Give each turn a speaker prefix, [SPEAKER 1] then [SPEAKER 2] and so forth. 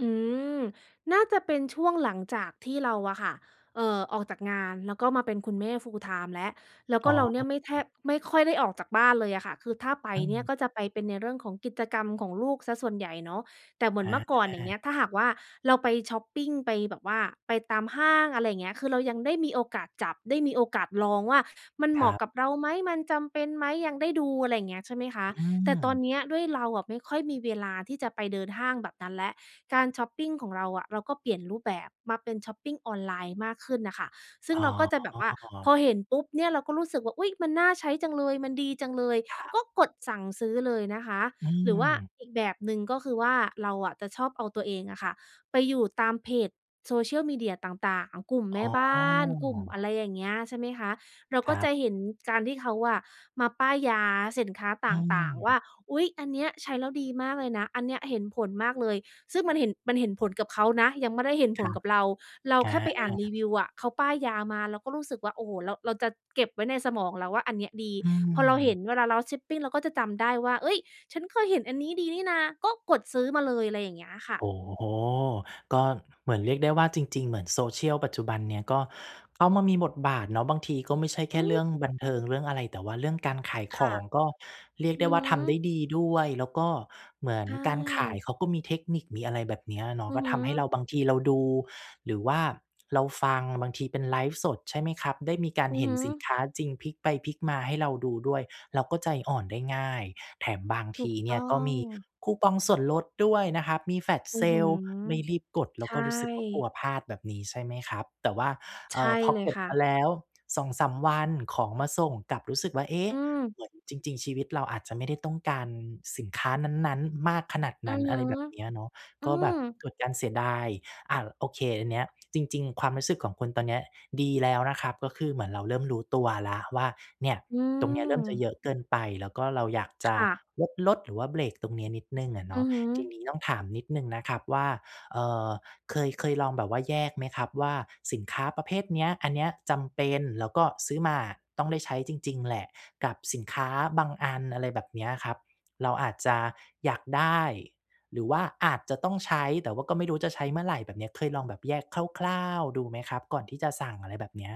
[SPEAKER 1] อืม น่าจะเป็นช่วงหลังจากที่เราอะค่ะ เอ่อ ออกจากงาน แล้วก็มาเป็นคุณแม่ full-time แล้ว แล้ว
[SPEAKER 2] อ
[SPEAKER 1] ก
[SPEAKER 2] ๋
[SPEAKER 1] ็
[SPEAKER 2] อ
[SPEAKER 1] เราเนี่ยไม่แทบ ไม่ค่อยได้ออกจากบ้านเลยอะค่ะ คือถ้าไป
[SPEAKER 2] อื
[SPEAKER 1] เนี่ย
[SPEAKER 2] ม
[SPEAKER 1] ก็จะไปเป็นในเรื่องของกิจกรรมของลูกเสียส่วนใหญ่เนาะ แต่เหมื
[SPEAKER 2] อ
[SPEAKER 1] อนเมื่อก่อน อย่างเงี
[SPEAKER 2] า
[SPEAKER 1] ้ย ถ้าหากว่า เราไปช็อปปิง ไปแบบว่าไปตามห้าง อะไรอย่างเงี้ย คือเรายังได้มีโอกาสจับ ได้มีโอกาสลองว่า มันเ
[SPEAKER 2] ค
[SPEAKER 1] หม
[SPEAKER 2] ร
[SPEAKER 1] า
[SPEAKER 2] ั
[SPEAKER 1] ะ
[SPEAKER 2] บ
[SPEAKER 1] กับเราไหม? มันจำเป็นไหม? ยังได้ดู อะไรอย่างเงี้ย ใช่ไหมคะ
[SPEAKER 2] อื
[SPEAKER 1] แต่ตอน
[SPEAKER 2] ม
[SPEAKER 1] เนี้ยด้วยเราอะไม่ค่อยมีเวลาที่จะไปเดินห้างแบบนั้นแล้ว การช็อปปิงของเราอะเราก็เปลี่ยนรูปแบบมาเป็นช็อปปิงออนไลน์มากขึ้นน่ะค่ะ ซึ
[SPEAKER 2] อ
[SPEAKER 1] ่
[SPEAKER 2] ๋
[SPEAKER 1] งเราก็จะแบบว่า
[SPEAKER 2] อ
[SPEAKER 1] พอเห็นปุ๊บเนี่ย เราก็รู้สึกว่า อุ๊ย! มันน่าใช้จังเลย มันดีจังเลย
[SPEAKER 2] ครับ
[SPEAKER 1] ก็กดสั่งซื้อเลยนะคะ
[SPEAKER 2] อื
[SPEAKER 1] หรือว่า
[SPEAKER 2] ม
[SPEAKER 1] อีกแบบหนึ่งก็คือว่า เราอะจะชอบเอาตัวเองอะค่ะไปอยู่ตามเพจ Social Media ต่าง ๆ กลุ่ม
[SPEAKER 2] อ
[SPEAKER 1] แม่
[SPEAKER 2] ๋
[SPEAKER 1] บ้าน กลุ่มอะ
[SPEAKER 2] อ
[SPEAKER 1] ไรอย่างเงี้ย ใช่ไหมคะ เรา
[SPEAKER 2] ค
[SPEAKER 1] ก
[SPEAKER 2] ร
[SPEAKER 1] ็
[SPEAKER 2] ั
[SPEAKER 1] จะ
[SPEAKER 2] บ
[SPEAKER 1] เห็นการที่เขาอะมาป้ายยาสินค้าต
[SPEAKER 2] อื
[SPEAKER 1] ่าง ๆ ว่
[SPEAKER 2] ม
[SPEAKER 1] า อุ๊ย! อันเนี้ยใช้แล้วดีมากเลยนะ อันเนี้ยเห็นผลมากเลย ซึ่งมันเห็น มันเห็นผลกับเขานะ ยังไม่ได้เห็น
[SPEAKER 2] ค
[SPEAKER 1] ผ
[SPEAKER 2] ร
[SPEAKER 1] ล
[SPEAKER 2] ับ
[SPEAKER 1] กับเรา เรา
[SPEAKER 2] อ
[SPEAKER 1] แค่ไปอ่านรี
[SPEAKER 2] า
[SPEAKER 1] วิวอะ เขาป้ายยามา เราก็รู้สึกว่า โอ้โฮ! เรา เราจะเก็บไว้ในสมองแล้วว่า อันเนี้ยดี
[SPEAKER 2] อื
[SPEAKER 1] พอเราเห็
[SPEAKER 2] ม
[SPEAKER 1] นเวลาเราชิปปิ้น เราก็จะจำได้ว่า เฮ้ย! ฉันเคยเห็นอันนี้ ดีนี่นะ ก็กดซื้อมาเลย อะไรอย่างเงี้ยค่
[SPEAKER 2] โอ
[SPEAKER 1] ะ
[SPEAKER 2] ้โฮ! ก็เหมือนเรียกได้ว่า จริง ๆ เหมือน Social ปัจจุบันเนี่ยก็เข้ามามีบทบาทเนาะ บางทีก็ไม่ใช่แค
[SPEAKER 1] อื
[SPEAKER 2] ่เรื
[SPEAKER 1] ม
[SPEAKER 2] ่องบันเทิงเรื่องอะไร แต่ว่าเรื่องการขาย
[SPEAKER 1] ค
[SPEAKER 2] ข
[SPEAKER 1] ่
[SPEAKER 2] อ
[SPEAKER 1] ะ
[SPEAKER 2] ง ก็เรียก
[SPEAKER 1] อื
[SPEAKER 2] ได้
[SPEAKER 1] อ
[SPEAKER 2] ว่
[SPEAKER 1] ฮ
[SPEAKER 2] า ทำได
[SPEAKER 1] ึ
[SPEAKER 2] ้ดีด้วย แล้วก็เหมือน
[SPEAKER 1] ใช
[SPEAKER 2] การขาย
[SPEAKER 1] ่
[SPEAKER 2] เขาก็มีเทคนิคมีอะไร แบบเนี้ยเนา
[SPEAKER 1] อ
[SPEAKER 2] ะ
[SPEAKER 1] ื
[SPEAKER 2] ก
[SPEAKER 1] อ
[SPEAKER 2] ็
[SPEAKER 1] ฮึ
[SPEAKER 2] ทำให้เรา บางทีเราดู หรือว่าเราฟัง บางทีเป็นไลฟ์สด ใช่ไหมครับ? ได้มีการ
[SPEAKER 1] อื
[SPEAKER 2] เห
[SPEAKER 1] อ
[SPEAKER 2] ็
[SPEAKER 1] ฮ
[SPEAKER 2] น
[SPEAKER 1] ึ
[SPEAKER 2] สินค้าจริง พลิกไปพลิกมาให้เราดูด้วย เราก็ใจอ่อนได้ง่าย แถมบาง
[SPEAKER 1] ถ
[SPEAKER 2] ท
[SPEAKER 1] ู
[SPEAKER 2] ี
[SPEAKER 1] ก
[SPEAKER 2] เนี
[SPEAKER 1] ต
[SPEAKER 2] ่
[SPEAKER 1] ้
[SPEAKER 2] ย
[SPEAKER 1] อ
[SPEAKER 2] ก็ม
[SPEAKER 1] ง
[SPEAKER 2] ีคูปองส่วนลดด้วยนะครับ มี flash
[SPEAKER 1] อื้อฮือ
[SPEAKER 2] sale ไม่รีบกด เร
[SPEAKER 1] ใ
[SPEAKER 2] า
[SPEAKER 1] ช
[SPEAKER 2] ก
[SPEAKER 1] ่
[SPEAKER 2] ็รู้สึกว่า กลัวพลาดแบบนี้ใช่ไหมครับ แต่ว่า
[SPEAKER 1] ใ
[SPEAKER 2] เอ
[SPEAKER 1] ช
[SPEAKER 2] ่
[SPEAKER 1] ่
[SPEAKER 2] อ พอ
[SPEAKER 1] เลย
[SPEAKER 2] กด
[SPEAKER 1] ค่
[SPEAKER 2] มา
[SPEAKER 1] ะ
[SPEAKER 2] แล้ว 2-3 วันของมาส่งกลับรู้สึกว่า เอ๊ะ!
[SPEAKER 1] อืม
[SPEAKER 2] เหมือนจริง ๆ ชีวิตเราอาจจะไม่ได้ต้องการสินค้านั้น ๆ มากขนาด
[SPEAKER 1] อ
[SPEAKER 2] น
[SPEAKER 1] ื
[SPEAKER 2] ั้น
[SPEAKER 1] อฮ
[SPEAKER 2] อะ
[SPEAKER 1] ึ
[SPEAKER 2] ไรแบบเนี้ยเนาะ
[SPEAKER 1] อื
[SPEAKER 2] ก็แบ
[SPEAKER 1] ม
[SPEAKER 2] บเกิดการเสียดาย อา ล โอเค อันเนี้ย จริง ๆ ความรู้สึกของคุณตอนเนี้ยดีแล้วนะครับ ก็คือเหมือนเราเริ่มรู้ตัวแล้วว่า เนี่ย
[SPEAKER 1] อื
[SPEAKER 2] ตรงเนี้ยเริ่มจะ
[SPEAKER 1] ม
[SPEAKER 2] เยอะเกินไป แล้วก็เราอยากจะ
[SPEAKER 1] ค่ะ
[SPEAKER 2] ลด ๆ หรือว่าเบรกตรงเนี้ยนิดหนึ่งอะเน
[SPEAKER 1] อ
[SPEAKER 2] า
[SPEAKER 1] ื
[SPEAKER 2] ะ
[SPEAKER 1] อฮึ
[SPEAKER 2] ทีนี้ต้องถามนิดหนึ่งนะครับว่า เอ่อ เคย เคยลองแบบว่าแยกไหมครับว่า สินค้าประเภทเนี้ย อันเนี้ยจำเป็น แล้วก็ซื้อมาอะต้องได้ใช้จริง ๆ แหละ กับสินค้าบางอัน อะไรแบบเนี้ยครับ เราอาจจะอยากได้ หรือว่าอาจจะต้องใช้ แต่ว่าก็ไม่รู้จะใช้เมื่อไรแบบเนี้ย เคยลองแบบแยกคร่าว ๆ ดูไหมครับ ก่อนที่จะสั่ง อะไรแบบเนี้ย